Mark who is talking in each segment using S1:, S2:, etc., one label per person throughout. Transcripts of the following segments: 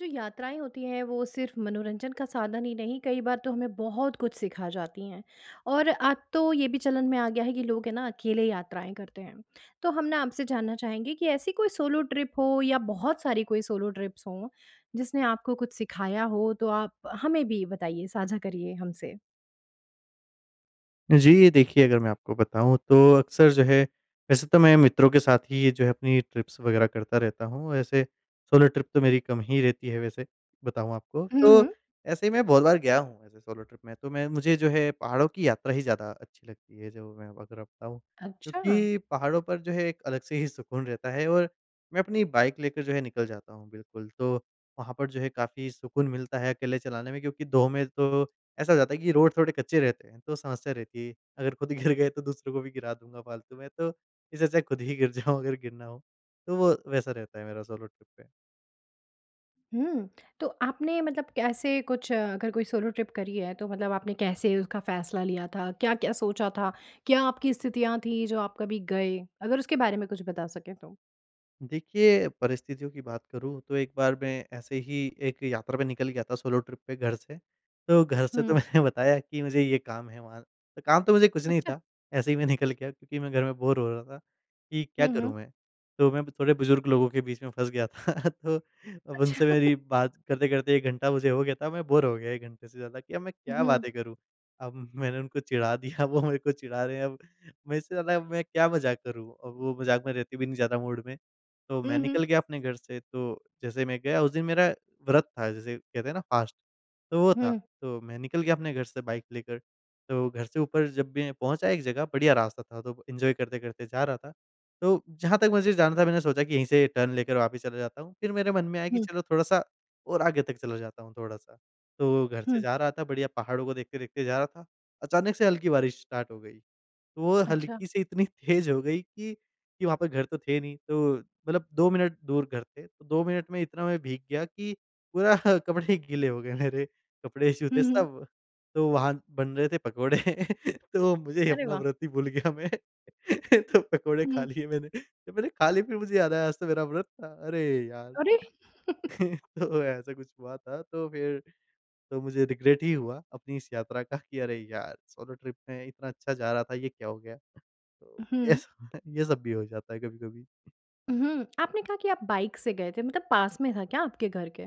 S1: जो यात्राएँ होती हैं, वो सिर्फ़ मनोरंजन का साधन ही नहीं, कई बार तो हमें बहुत कुछ सिखा जाती हैं। और अब तो ये भी चलन में आ गया है कि लोग है ना, अकेले यात्राएँ करते हैं। तो हम ना, आपसे जानना चाहेंगे कि ऐसी कोई सोलो ट्रिप हो या बहुत सारी कोई सोलो ट्रिप्स हों, जिसने आपको कुछ सिखाया हो? तो आप हमें भी बताइए साझा करिए हमसे।
S2: जी, ये देखिए अगर मैं आपको बताऊँ तो अक्सर जो है, वैसे तो मैं मित्रों के साथ ही ये जो है, अपनी ट्रिप्स वग़ैरह करता रहता हूँ। ऐसे सोलो ट्रिप तो मेरी कम ही रहती है, वैसे बताऊँ आपको।
S1: हुँ,
S2: तो
S1: हुँ।
S2: ऐसे ही मैं बहुत बार गया हूँ, ऐसे सोलो ट्रिप में। तो मैं मुझे जो है पहाड़ों की यात्रा ही ज़्यादा अच्छी लगती है, जो मैं अगर आपको बताऊँ।
S1: अच्छा!
S2: क्योंकि पहाड़ों पर जो है, एक अलग से ही सुकून रहता है, और मैं अपनी बाइक लेकर जो है निकल जाता हूँ, बिल्कुल। तो वहाँ पर जो है काफ़ी सुकून मिलता है, अकेले चलाने में। क्योंकि 2 में तो ऐसा हो जाता है, कि रोड़ थोड़े कच्चे रहते हैं तो समस्या रहती है। अगर खुद ही गिर गए तो दूसरे को भी गिरा दूँगा फ़ालतू में। तो इससे अच्छा है खुद ही गिर जाऊँ अगर गिरना हो। तो वो वैसा रहता है मेरा सोलो ट्रिप पे।
S1: हुँ, तो आपने मतलब कैसे कुछ अगर कोई सोलो ट्रिप करी है, तो मतलब आपने कैसे उसका फ़ैसला लिया था? क्या-क्या सोचा था, क्या आपकी स्थितियाँ थी, जो आप कभी गए? अगर उसके बारे में कुछ बता सकें तो।
S2: देखिए, परिस्थितियों की बात करूँ, तो एक बार मैं ऐसे ही एक यात्रा पे निकल गया था। सोलो ट्रिप पे घर से। तो घर से
S1: हुँ।
S2: तो मैंने बताया कि मुझे ये काम है वहाँ। काम तो मुझे कुछ नहीं
S1: अच्छा!
S2: था ऐसे ही मैं निकल गया। क्योंकि मैं घर में बोर हो रहा था, कि क्या
S1: हुँ, हुँ।
S2: करूँ मैं। तो मैं थोड़े बुज़ुर्ग लोगों के बीच में फँस गया था। तो अब
S1: अच्छा।
S2: उनसे मेरी बात करते-करते 1 घंटा मुझे हो गया था मैं बोर हो गया 1 घंटे से ज़्यादा कि अब मैं क्या
S1: हुँ।
S2: बातें करूँ। अब, मैंने उनको चिढ़ा दिया वो मेरे को चिढ़ा रहे हैं अब मैं इससे ज़्यादा मैं। क्या मज़ाक करूँ। अब वो मज़ाक में रहते भी नहीं ज़्यादा मूड में। तो
S1: ऊँ,
S2: मैं
S1: हुँ।
S2: निकल गया अपने घर से। तो जैसे मैं गया उस दिन मेरा व्रत था जैसे कहते हैं ना फ़ास्ट तो वो था।
S1: हुँ।
S2: तो मैं निकल गया अपने घर से बाइक लेकर तो घर से ऊपर जब भी पहुँचा एक जगह, बढ़िया रास्ता था तो एंजॉय करते-करते जा रहा था। तो जहाँ तक मुझे जाना था मैंने सोचा कि यहीं से टर्न लेकर वापस चला जाता हूँ। फिर मेरे मन में आया कि
S1: हुँ।
S2: चलो थोड़ा-सा और आगे तक चला जाता हूँ थोड़ा-सा। तो घर से
S1: हुँ।
S2: जा रहा था बढ़िया पहाड़ों को देखते-देखते जा रहा था ।अचानक से हल्की बारिश स्टार्ट हो गई तो वो
S1: अच्छा।
S2: हल्की से इतनी तेज़ हो गई कि कि वहाँ पर घर तो थे नहीं। तो मतलब 2 मिनट दूर घर थे, तो 2 मिनट में इतना मैं भीग गया कि पूरा कपड़े गीले हो गए मेरे, कपड़े
S1: हुँ,
S2: जूते
S1: हुँ।
S2: सब। तो वहाँ बन रहे थे पकोड़े। तो मुझे
S1: अरे
S2: अपना
S1: वाह!
S2: व्रत ही भूल गया मैं। तो पकोड़े खा
S1: हुँ।
S2: लिए मैंने। जब मैंने खा लिए फिर मुझे याद आया आज तो मेरा व्रत था। अरे यार!
S1: अरे!
S2: तो ऐसा कुछ हुआ था, तो फिर तो मुझे रिग्रेट ही हुआ, अपनी इस यात्रा का कि अरे यार सोलो ट्रिप मैं इतना अच्छा जा रहा था। ये क्या हो गया? तो ये
S1: हुँ।
S2: सब ये सब भी हो जाता है कभी-कभी।
S1: हुँ, आपने कहा कि आप बाइक से गए थे। मतलब पास में था क्या? आपके घर के?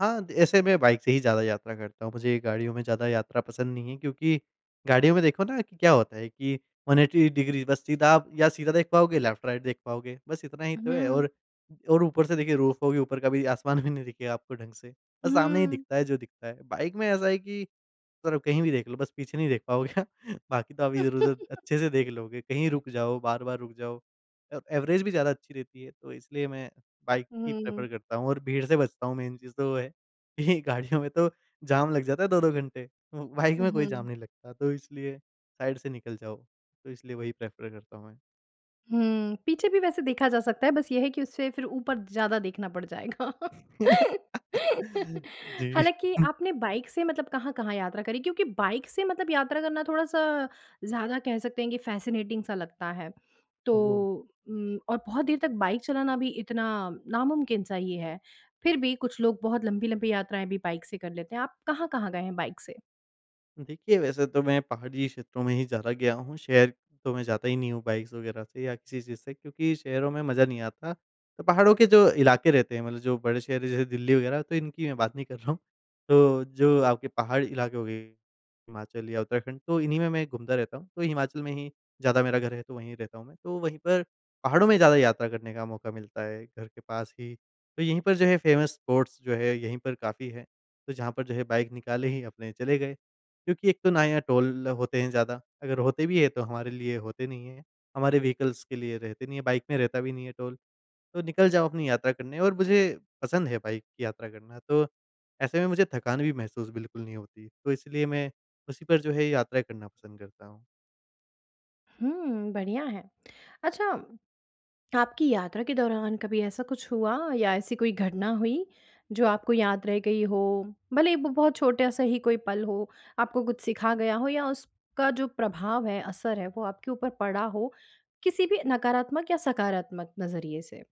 S2: हाँ दे ऐसे मैं बाइक से ही ज़्यादा यात्रा करता हूँ। मुझे गाड़ियों में ज़्यादा यात्रा पसंद नहीं है। क्योंकि, गाड़ियों में देखो ना कि क्या होता है कि 180 डिग्री बस सीधा आप या सीधा देख पाओगे लेफ़्ट-राइट देख पाओगे बस इतना ही तो है
S1: हुँ।
S2: और और ऊपर से देखिए रूफ़ होगी ऊपर का भी आसमान भी नहीं दिखेगा आपको ढंग से, बस सामने ही
S1: हुँ।
S2: दिखता है जो दिखता है। बाइक में ऐसा है कि, तरफ कहीं भी देख लो बस पीछे नहीं देख पाओगे बाकी तो आप इधर-उधर अच्छे से देख लोगे। कहीं रुक जाओ बार-बार रुक जाओ अ एवरेज भी ज़्यादा अच्छी रहती है। तो इसलिए मैं बाइक ही
S1: हुँ।
S2: प्रेफ़र करता हूँ, और भीड़ से बचता हूँ। मेन चीज़ तो वो है, कि गाड़ियों में तो जाम लग जाता है 2-2 घंटे। ब बाइक
S1: ऊ,
S2: में कोई जाम
S1: हुँ।
S2: नहीं लगता। तो इसलिए साइड से निकल जाओ, तो इसलिए वही प्रेफ़र करता हूँ, मैं।
S1: हुँ, पीछे भी वैसे देखा जा सकता है, बस ये है कि उससे फिर ऊपर ज़्यादा देखना पड़ जाएगा।
S2: जी।
S1: हालाँकि आपने बाइक से मतलब कहाँ-कहाँ यात्रा करी? क्योंकि बाइक से मतलब यात्रा करना थोड़ा-सा ज़्यादा कह सकते हैं कि फ़ैसिनेटिंग -सा लगता है। तो
S2: ओह!
S1: उम और बहुत देर तक बाइक चलाना भी इतना नामुमकिन-सा ही है। फिर भी कुछ लोग बहुत लंबी-लंबी यात्राएँ भी बाइक से कर लेते हैं। आप कहाँ-कहाँ गए हैं बाइक से?
S2: देखिए, वैसे तो मैं पहाड़ी क्षेत्रों में ही ज़्यादा गया हूँ। शहर तो मैं जाता ही नहीं हूँ बाइक्स वग़ैरह से या किसी चीज़ से। क्योंकि शहरों में मज़ा नहीं आता, तो पहाड़ों के जो इलाके रहते हैं, मतलब जो बड़े शहर जैसे दिल्ली वग़ैरह, तो इनकी मैं बात नहीं कर रहा हूँ। तो जो आपके पहाड़ इलाके हो गए हिमाचल या उत्तराखंड तो इन्हीं में मैं घूमता रहता हूँ। तो हिमाचल में ही ज़्यादा मेरा घर है, तो वहीं रहता हूँ मैं। तो वहीं पर पहाड़ों में ज़्यादा यात्रा करने का मौका मिलता है, घर के पास ही। तो यहीं पर जो है फ़ेमस स्पॉट्स जो है यहीं पर काफ़ी है, तो जहाँ पर जो है बाइक निकाले ही अपने चले गए। क्योंकि एक तो ना यहाँ टोल होते हैं ज़्यादा, अगर होते भी है तो हमारे लिए होते नहीं है। हमारे वीइकल्स के लिए रहते नहीं है, बाइक में रहता भी नहीं है टोल। तो निकल जाओ अपनी यात्रा करने, और मुझे पसंद है बाइक की यात्रा करना। तो ऐसे में मुझे थकान भी महसूस बिल्कुल नहीं होती। तो इसलिए मैं उसी पर जो है यात्राएँ करना पसंद करता हूँ।
S1: हुँ, बढ़िया है। अच्छा, आपकी यात्रा के दौरान कभी ऐसा कुछ हुआ या ऐसी कोई घटना हुई, जो आपको याद रह गई हो? भले ही वो बहुत छोटा-सा ही कोई पल हो, आपको कुछ सिखा गया हो? या उसका जो प्रभाव है, असर है, वो आपके ऊपर पड़ा हो? किसी भी नकारात्मक या सकारात्मक नज़रिए से?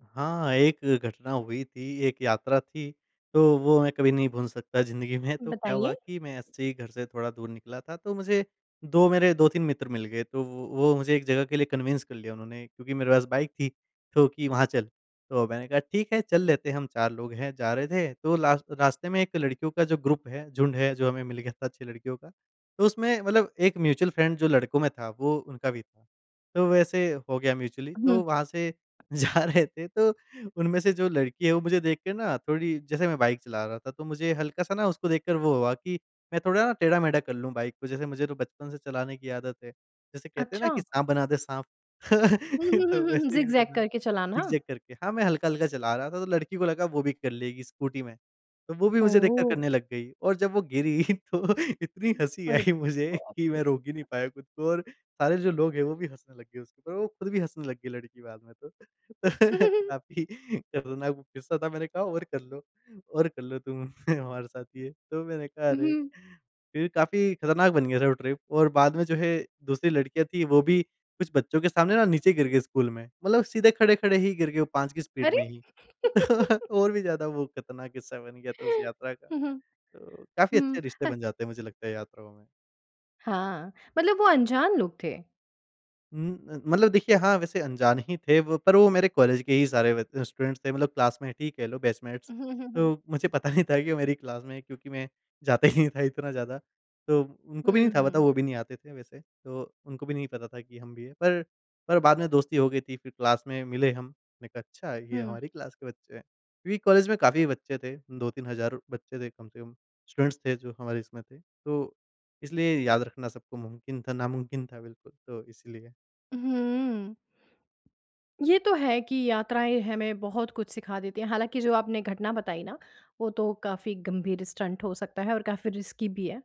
S2: हाँ, एक घटना हुई थी। एक यात्रा थी, तो वो मैं कभी नहीं भूल सकता ज़िंदगी में, तो क्या हुआ
S1: बताइए।
S2: कि मैं ऐसे ही घर से थोड़ा दूर निकला था, तो मुझे 2 मेरे 2-3 मित्र मिल गए तो वो वो मुझे एक जगह के लिए कन्विंस कर लिया उन्होंने। क्योंकि मेरे पास बाइक थी तो कि वहाँ चल। तो मैंने कहा ठीक है चल लेते हम चार लोग हैं। जा रहे थे तो लास रास्ते में एक लड़कियों का जो ग्रुप है झुंड है, जो हमें मिल गया था अच्छी लड़कियों क, तो उसमें मतलब एक म्यूचुअल फ्रेंड जो लड़कों में था, वो उनका भी था। तो वैसे हो गया म्यूचुअली
S1: हुँ।
S2: तो वहाँ से जा रहे थे। तो उनमें से जो लड़की है, वो मुझे देख के ना थोड़ी जैसे मैं बाइक चला रहा था तो मुझे हल्का-सा ना उसको देखकर वो हुआ कि मैं थोड़ा ना टेढ़ा-मेढ़ा कर लूँ बाइक को। जैसे मुझे तो बचपन से चलाने की आदत है। जैसे कहते हैं ना कि
S1: अच्छा?
S2: साँप बना दे, साँप।
S1: हुँ, हुँ, हुँ,
S2: तो
S1: हुँ, हुँ।
S2: वैसे ही मैं
S1: ज़िग-ज़ैग
S2: बना
S1: करके चलाना।
S2: ज़िग-ज़ैग करके। हाँ मैं हल्का-हल्का चला रहा था, तो लड़की को लगा वो भी कर लेगी, स्कूटी में। तो वो भी
S1: ओ
S2: मुझे देखकर
S1: हो!
S2: करने लग गई और जब वो गिरी तो इतनी हँसी
S1: अरे
S2: आई मुझे
S1: बाप
S2: कि
S1: रे!
S2: मैं रोक ही नहीं पाया खुद को और सारे जो लोग हैं, वो भी हँसने लग गए उसके ऊपर। वो खुद भी हँसने लग गई लड़की बाद में तो।
S1: ऊ, हुँ, हुँ, हुँ।
S2: काफ़ी खतरनाक वो किस्सा था, मैंने कहा और कर लो और कर लो तुम, हमारे साथ ये। तो मैंने कहा अरे!
S1: हुँ।
S2: फिर काफ़ी खतरनाक बन गया था वो ट्रिप और बाद में जो है, दूसरी लड़कियाँ थी वो भी कुछ बच्चों के सामने ना नीचे गिर गए स्कूल में। मतलब सीधे खड़े-खड़े ही गिर गए, वो 5 की स्पीड
S1: अरे?
S2: में ही। और भी ज़्यादा वो खतरनाक किस्सा बन गया था, उस यात्रा का।
S1: हुँ, हुँ।
S2: तो काफ़ी
S1: हुँ,
S2: अच्छे रिश्ते
S1: ह
S2: बन जाते हैं, मुझे लगता है यात्राओं में।
S1: हाँ, मतलब वो अनजान लोग थे?
S2: उम अ, मतलब देखिए हाँ वैसे अनजान ही थे वो, पर वो मेरे कॉलेज के ही सारे ब स्टूडेंट्स थे। मतलब क्लासमेट ही कह लो बैचमेट्स,
S1: हुँ, हुँ, हुँ।
S2: तो मुझे पता नहीं था कि वो मेरी क्लास में हैं। क्योंकि मैं जाता ही नहीं था इतना ज़्यादा। तो उनको भी नहीं
S1: हुँ,
S2: था पता
S1: हुँ।
S2: वो भी नहीं आते थे वैसे। तो उनको भी नहीं पता था कि हम भी हैं। पर पर बाद में दोस्ती हो गई थी फिर क्लास में मिले हम, मैं कहा अच्छा, ये
S1: हुँ।
S2: हमारी क्लास के बच्चे हैं। क्योंकि कॉलेज में काफ़ी बच्चे थे 2-3000 हज़ार बच्चे थे। कम से कम स्टूडेंट्स थे जो हमारी इसमें थे। तो इसलिए याद रखना सबको मुमकिन था नामुमकिन था, बिल्कुल। तो इसलिए।
S1: हुँ। ये तो है कि यात्राएँ हमें बहुत कुछ सिखा देते हैं। हालाँकि जो आपने घटना बताई ना, वो तो काफ़ी गंभीर स्टंट हो सकता है और काफ़ी रिस्की भी है।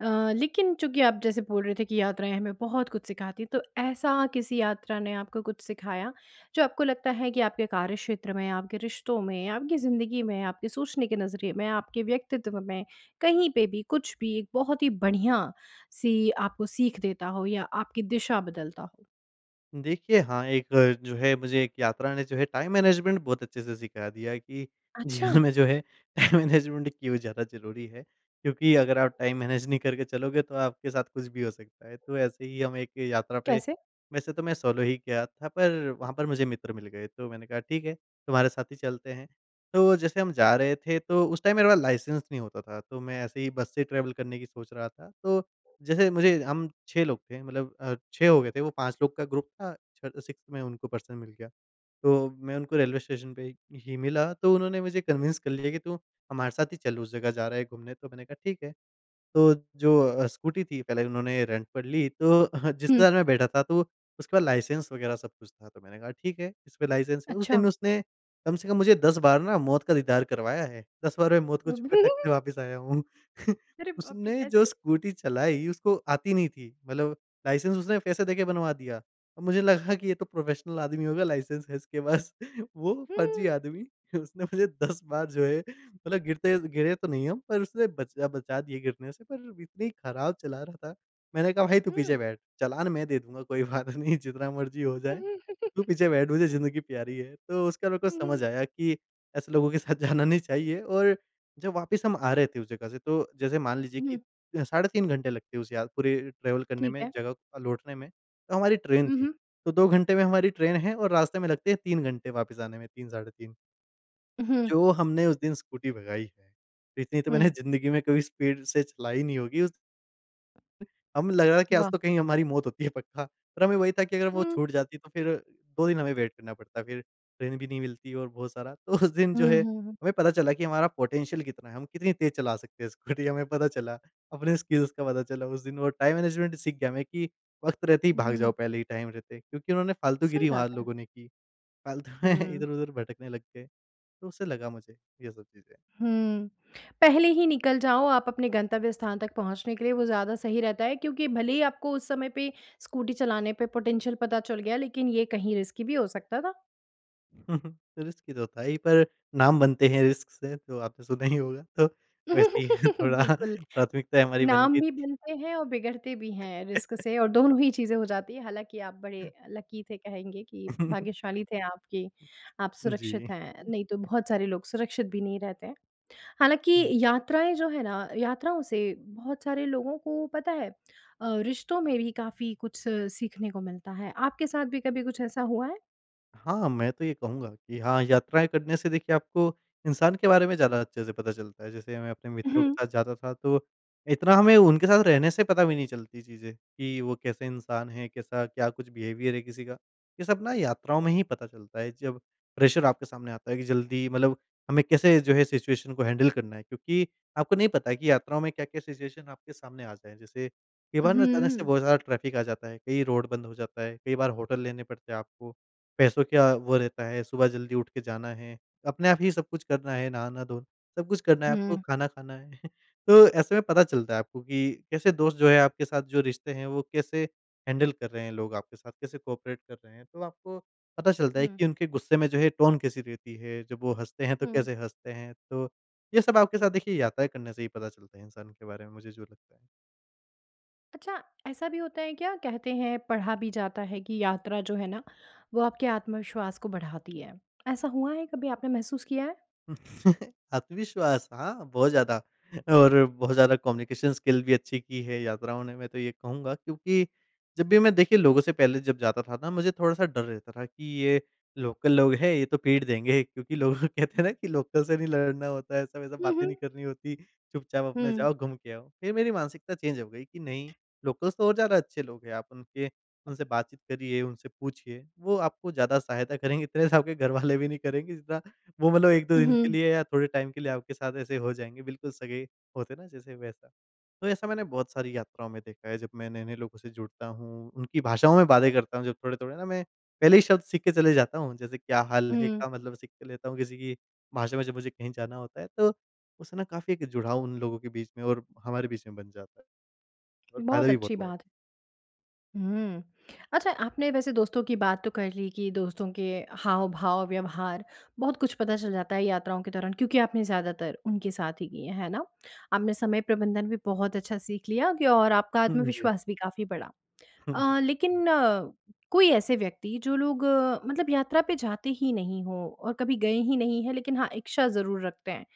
S1: अ, लेकिन चूँकि आप जैसे बोल रहे थे, कि यात्राएँ हमें बहुत कुछ सिखाती है। तो ऐसा किसी यात्रा ने आपको कुछ सिखाया, जो आपको लगता है कि आपके कार्य क्षेत्र में, आपके रिश्तों में, आपकी ज़िंदगी में, आपकी सोचने के नज़रिए में, आपके व्यक्तित्व में कहीं पे भी कुछ भी एक बहुत ही बढ़िया-सी आपको सीख देता हो? या आपकी दिशा बदलता हो?
S2: देखिये हाँ, एक जो है मुझे एक यात्रा ने जो है टाइम मैनेजमेंट बहुत अच्छे से सिखा दिया है कि
S1: अच्छा?
S2: जीवन में जो है टाइम मैनेजमेंट क्यों ज़्यादा ज़रूरी है। क्योंकि अगर आप टाइम मैनेज नहीं करके चलोगे तो आपके साथ कुछ भी हो सकता है। तो ऐसे ही हम एक यात्रा पे
S1: कैसे?
S2: वैसे तो मैं सोलो ही किया था, पर वहाँ पर मुझे मित्र मिल गए। तो मैंने कहा ठीक है, तुम्हारे साथ ही चलते हैं। तो जैसे हम जा रहे थे तो उस टाइम मेरे पास लाइसेंस नहीं होता था। तो मैं ऐसे ही बस से ट्रेवल करने की सोच रहा था। तो जैसे मुझे हम 6 लोग थे मतलब अ, 6 हो गए थे। वो 5 लोग का ग्रुप था छ 6th मैं उनको पर्सन मिल गया। तो मैं उनको रेलवे स्टेशन पे ही ही मिला तो उन्होंने मुझे कन्विंस कर लिया कि तू हमारे साथ ही चल उस जगह जा रहा है, घूमने तो मैंने कहा ठीक है। तो जो अ, स्कूटी थी पहले उन्होंने रेंट पर ली। तो जिसके
S1: हुँ।
S2: साथ मैं बैठा था तो उसके पास लाइसेंस वग़ैरह सब कुछ था। तो मैंने कहा ठीक है, इस पे लाइसेंस है। उस दिन
S1: अच्छा!
S2: में उसने कम से कम मुझे 10 बार ना मौत का दीदार करवाया है। 10 बार में मौत को छु के टक्क से वापस आया हूँ।
S1: अरे बाप रे
S2: उसने जो
S1: कैसे?
S2: स्कूटी चलाई, उसको आती नहीं थी मतलब लाइसेंस उसने पैसे दे के बनवा दिया। मुझे लगा कि ये तो प्रोफेशनल आदमी होगा लाइसेंस है इसके पास। वो फ़र्ज़ी
S1: हुँ।
S2: आदमी उसने पहले 10 बार जो है मतलब गिरते गिरे तो नहीं हम पर उसने बच बचा दिए गिरने से। पर इतनी खराब चला रहा था, मैंने कहा भाई तू पीछे
S1: हुँ।
S2: बैठ, चालान मैं दे दूँगा, कोई बात नहीं, जितना मर्ज़ी हो जाए, तू पीछे बैठ मुझे ज़िंदगी प्यारी है, तो उसके बाद मेरे को
S1: हुँ,
S2: समझ
S1: हुँ।
S2: आया कि ऐसे लोगों के साथ जाना नहीं चाहिए। और जब वापस हम आ रहे थे उस जगह से तो, जैसे मान लीजिए कि
S1: हुँ।
S2: साढ़े 3 घंटे लगते है, उस यात पूरे ट्रेवल करने
S1: ठीक
S2: में
S1: है।
S2: जगह अ, लौटने में। तो हमारी ट्रेन
S1: हुँ,
S2: थी।
S1: हुँ।
S2: तो 2 घंटे में हमारी ट्रेन है, और रास्ते में लगते हैं 3 घंटे वापस आने में 3 साढ़े 3
S1: हुँ।
S2: जो हमने उसे दिन स्कूटी भगाई है। इतनी तो मैंने
S1: हुँ।
S2: ज़िंदगी में कभी स्पीड से चलाई नहीं होगी उस हम लग रहा है कि आज
S1: वाह!
S2: तो कहीं हमारी मौत होती है पक्का। पर हमें वही था कि अगर वो
S1: हुँ।
S2: छूट जाती तो फिर 2 दिन हमें वेट करना पड़ता फिर। ट्रेन भी नहीं मिलती और बहुत सारा, तो उस दिन जो
S1: हुँ,
S2: है
S1: हुँ, हुँ।
S2: हमें पता चला कि हमारा पोटेंशियल कितना है हम कितनी तेज़ चला सकते हैं स्कूटी हमें पता चला अपने स्किल्स का पता चला उस दिन वो टाइम मैनेजमेंट सीख गया, मैं कि वक्त रहते ही भाग जाओ
S1: हुँ।
S2: पहले ही टाइम रहते। क्योंकि उन्होंने फ़ालतू
S1: सही
S2: गिरी
S1: बात
S2: वहाँ
S1: है।
S2: लोगों ने की। फ़ालतू में
S1: हुँ।
S2: इधर-उधर भटकने लग गए, तो उससे लगा मुझे ये सब चीज़ है।
S1: हुँ, पहले ही निकल जाओ आप अपने गंतव्य स्थान तक पहुँचने के लिए, वो ज़्यादा सही रहता है। क्योंकि भले ही आपको उस समय पे स्कूटी चलाने पे पोटेंशियल पता चल गया, लेकिन ये कहीं रिस्की भी हो सकता था।
S2: रिस्की तो था ही, पर नाम बनते हैं रिस्क से तो आपने सुना ही होगा तो वैसे ही थोड़ा
S1: बिल्कुल,
S2: प्राथमिकता हमारी बन
S1: नाम
S2: गई थी।
S1: भी बनते हैं और बिगड़ते भी हैं रिस्क से और दोनों ही चीज़ें हो जाती हैं। हालाँकि आप बड़े, लकी थे कहेंगे कि भाग्यशाली थे आप कि आप
S2: जी।
S1: सुरक्षित हैं, नहीं तो बहुत सारे लोग सुरक्षित भी नहीं रहते। हालाँकि
S2: हुँ।
S1: यात्राएँ जो है ना, यात्राओं से बहुत सारे लोगों को पता है, अ, रिश्तों में भी काफ़ी कुछ सीखने को मिलता है। आपके साथ भी कभी कुछ ऐसा हुआ है?
S2: हाँ, मैं तो ये कहूँगा कि हाँ यात्राएँ करने से देखिए आपको, इंसान के बारे में ज़्यादा अच्छे से पता चलता है। जैसे मैं अपने मित्रों के
S1: हुँ।
S2: साथ जाता था तो, इतना हमें उनके साथ रहने से पता भी नहीं चलती चीज़ें कि वो कैसे इंसान हैं, कैसा क्या कुछ बिहेवियर है किसी का, ये सब ना यात्राओं में ही पता चलता है। जब प्रेशर आपके सामने आता है कि जल्दी मतलब हमें कैसे जो है सिचुएशन को हैंडल करना है। क्योंकि आपको नहीं पता है कि यात्राओं में क्या-क्या सिचुएशन आपके सामने आ जाएँ। जैसे कई बार ना अचानक से
S1: हुँ।
S2: बहुत ज़्यादा ट्रैफ़िक आ जाता है। कहीं रोड बंद हो जाता है। कई बार होटल लेने पड़ते हैं आपको। पैसों क्या वो रहता है। सुबह जल्दी उठके जाना है। अपने आप ही सब कुछ करना है। नहाना-धो सब कुछ करना है आपको
S1: हुँ।
S2: खाना खाना है। तो ऐसे में पता चलता है आपको, कि कैसे दोस्त जो है आपके साथ जो रिश्ते हैं, वो कैसे हैंडल कर रहे हैं लोग आपके साथ। कैसे कोऑपरेट कर रहे हैं। तो आपको पता चलता है
S1: हुँ।
S2: कि उनके गुस्से में जो है टोन कैसी रहती है। जब वो हँसते हैं, तो
S1: हुँ।
S2: कैसे हँसते हैं। तो ये सब आपके साथ देखिए, यात्राएँ करने से ही पता चलते हैं, इंसान के बारे में मुझे जो लगता है।
S1: अच्छा, ऐसा भी होता है क्या कहते हैं, पढ़ा भी जाता है कि यात्रा जो है ना, वो आपके आत्मविश्वास को बढ़ाती है। ऐसा हुआ है? कभी आपने महसूस किया है?
S2: आत्मविश्वास हाँ बहुत ज़्यादा और बहुत ज़्यादा कम्युनिकेशन स्किल भी अच्छी की है, यात्राओं ने मैं तो ये कहूँगा। क्योंकि जब भी मैं देखिए, लोगों से पहले जब जाता था ना मुझे थोड़ा-सा डर रहता था, कि ये लोकल लोग हैं, ये तो पीट देंगे। क्योंकि लोग कहते हैं ना कि लोकल से नहीं लड़ना होता है। ऐसा-वैसा
S1: हुँ,
S2: बातें
S1: हुँ।
S2: नहीं करनी होती, चुपचाप अपना
S1: हुँ।
S2: जाओ घूम के आओ। फिर मेरी मानसिकता चेंज हो गई, कि नहीं लोकल्स तो और ज़्यादा अच्छे लोग हैं। आप उनके उनसे बातचीत करिये उनसे पूछिए, वो आपको ज़्यादा सहायता। इतने से आपके घर वाले नहीं करेंगे जितना वो मतलब 1-2 दिन के
S1: हुँ।
S2: लिए, या थोड़े टाइम के लिए आपके साथ ऐसे हो जायेंगे, बिल्कुल सगे होते न जैसे वैसा। तो ऐसा मैंने बहुत सारी यात्राओं में देखा है, जब मैं नए-नए लोगों से जुड़ता हूँ, उनकी भाषाओं में बातें करता हूँ। जो थोड़े-थोड़े ना मैं, पहले ही शब्द सीख के चले जाता हूँ। जैसे क्या हाल है
S1: हुँ।
S2: का मतलब सीख के लेता हूँ। किसी की भाषा में जब मुझे कहीं जाना होता है। तो उससे ना काफ़ी एक जुड़ाव उन लोगों के बीच में, और हमारे बीच में बन जाता है, और फ़ायदा
S1: बहुत
S2: भी बहुत
S1: अच्छी
S2: हुआ है।
S1: बात। हुँ, अच्छा आपने वैसे दोस्तों की बात तो कर ली कि दोस्तों के हाव-भाव व्यवहार बहुत कुछ पता चल जाता है, यात्राओं के दौरान। क्योंकि आपने ज़्यादातर उनके साथ ही की है, है ना? आपने समय प्रबंधन भी बहुत अच्छा सीख लिया, कि और आपका
S2: हुँ, जी।
S1: आत्मविश्वास भी काफ़ी बढ़ा। अ, लेकिन अ, कोई ऐसे व्यक्ति जो लोग अ, मतलब यात्रा पे जाते ही नहीं हों, और कभी गए ही नहीं हैं, लेकिन हाँ इच्छा ज़रूर रखते हैं,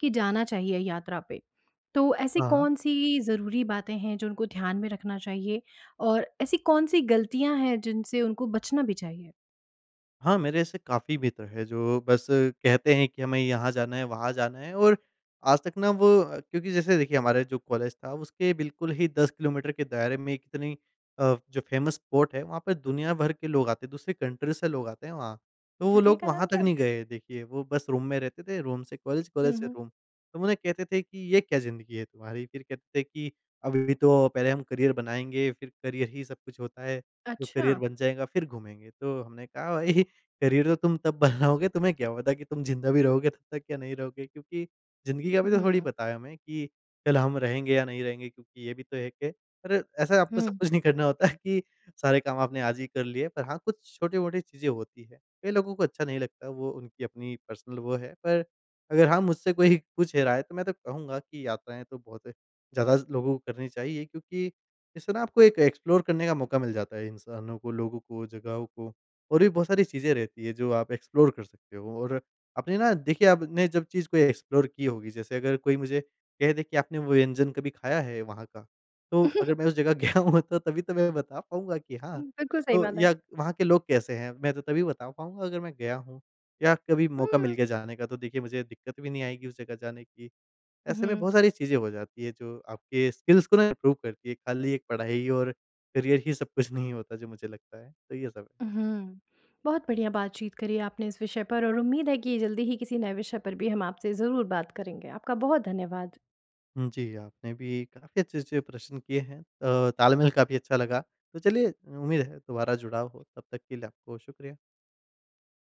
S1: कि जाना चाहिए यात्रा पे। तो ऐसी
S2: हाँ।
S1: कौन-सी ज़रूरी बातें हैं, जो उनको ध्यान में रखना चाहिए और ऐसी कौन-सी गलतियाँ हैं, जिनसे उनको बचना भी चाहिए?
S2: हाँ, मेरे से काफ़ी बेहतर है जो बस कहते हैं कि हमें यहाँ जाना है वहाँ जाना है। और आज तक ना वो क्योंकि जैसे देखिए हमारे जो कॉलेज था उसके बिल्कुल ही 10 किलोमीटर के दायरे में कितनी अ, जो फेमस स्पॉट है वहाँ पे दुनिया भर के लोग आते, दूसरे कंट्री से लोग आते हैं वहाँ। तो वो
S1: जगह
S2: लोग
S1: का नाम
S2: वहाँ तक
S1: क्या है?
S2: नहीं गए देखिए। वो बस रूम में रहते थे। रूम से कॉलेज,
S1: हुँ,
S2: कॉलेज से
S1: हुँ।
S2: रूम। तो उन्हें कहते थे कि ये क्या ज़िंदगी है तुम्हारी। फ़िर कहते थे कि अभी भी तो पहले हम करियर बनाएँगे, फिर करियर ही सब कुछ होता है। जो करियर
S1: अच्छा।
S2: बन जाएगा फिर घूमेंगे। तो हमने कहा भई करियर तो तुम तब बनाओगे तुम्हें क्या पता कि तुम ज़िंदा भी रहोगे तब तक या नहीं रहोगे। क्योंकि ज़िंदगी का अभी तो थोड़ी
S1: हुँ।
S2: पता है हमें कि कल हम रहेंगे या नहीं रहेंगे। क्योंकि ये भी तो है के अरे! ऐसा आपको सब
S1: हुँ।
S2: कुछ नहीं करना होता है कि सारे काम आपने आज ही कर लिए पर हाँ, कुछ छोटी-मोटी चीज़ें होती है। कई लोगों को अच्छा नहीं लगता वो उनकी अपनी पर्सनल वो है। पर अगर हाँ, मुझसे कोई पूछे राय है तो मैं तो कहूँगा कि यात्राएँ तो बहुत ज़्यादा लोगों करनी चाहिए। क्योंकि इससे न आपको एक एक्सप्लोर करने का मौका मिल जाता है इंसानों को, लोगों को, जगहों को और भी बहुत सारी चीज़ें रहती है जो आप एक्सप्लोर कर सकते हो। और अपने ना देखिए आपने जब चीज़ को एक्सप्लोर की होगी जैसे अगर कोई मुझे कह दे कि आपने वो व्यंजन कभी खाया है वहाँ का, तो अगर मैं उसे जगह गया हूँ तभी तो मैं बता पाऊँगा कि हाँ।
S1: बिल्कुल सही
S2: तो
S1: बात है।
S2: या वहाँ के लोग कैसे हैं मैं तो तभी बता पाऊँगा अगर मैं गया हूँ या कभी मौका मिल
S1: हुँ।
S2: गया जाने का। तो देखिए मुझे दिक्कत भी नहीं आएगी उस जगह जाने की। ऐसे में
S1: हुँ।
S2: बहुत सारी चीजें हो जाती है जो आपके स्किल्स को ना ग्रो करती है। खाली एक पढ़ाई और करियर ही सब कुछ नहीं होता जो मुझे लगता है। तो ये सब।
S1: हुँ। बहुत बढ़िया बातचीत करी आपने इस विषय पर और उम्मीद है कि ये जल्दी ही किसी नए विषय पर भी हम आपसे ज़रूर बात करेंगे। आपका बहुत धन्यवाद।
S2: हुँ, जी। आपने भी काफ़ी अच्छे-अच्छे से प्रश्न किए हैं। अ, तालमेल काफ़ी अच्छा लगा। तो चलिए उम्मीद है दुबारा जुड़ाव हो। तब तक के लिए आपको शुक्रिया।